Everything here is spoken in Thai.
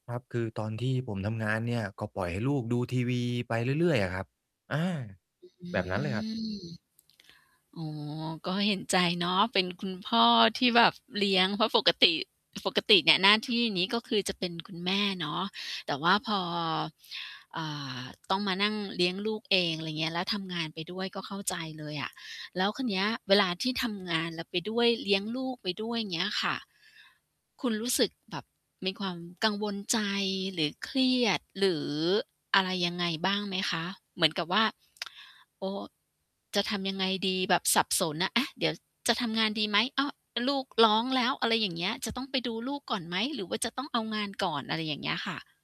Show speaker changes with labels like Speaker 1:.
Speaker 1: ครับ คือตอนที่ผมทำงานเนี่ย ก็ปล่อยให้ลูกดูทีวีไปเรื่อย ๆ อะครับ อา
Speaker 2: อื
Speaker 1: แบบนั้นเลยครับ
Speaker 2: อ อ๋อ ก็เห็นใจเนาะ เป็นคุณพ่อที่แบบเลี้ยง เพราะปกติ ปกติเนี่ยหน้าที่นี้ ก็คือจะเป็น คุณ แม่เนาะ แต่ว่าพอ อ่า ต้องมานั่งเลี้ยงลูกเอง อะไรเงี้ย แล้วทำงานไปด้วย ก็เข้าใจเลยอะ แล้วคราวเนี้ยเวลาที่ทำงานเราไปด้วย เลี้ยงลูกไปด้วย เงี้ยค่ะ คุณรู้สึกแบบมีความกังวลใจ หรือเครียด หรือ อะไรยังไงบ้างไหมคะ? เหมือนกับว่า "โอ้! จะทำยังไงดี" แบบสับสนน่ะ "อ๊ะ! เดี๋ยว ช จะทำงานดีไหม อ๊ะ! เออ ลูกร้องแล้ว" อะไรอย่างเงี้ย จะต้องไปดูลูกก่อนไหม หรือว่าจะต้องเอางานก่อน? อะไรอย่างเงี้ยค่ะ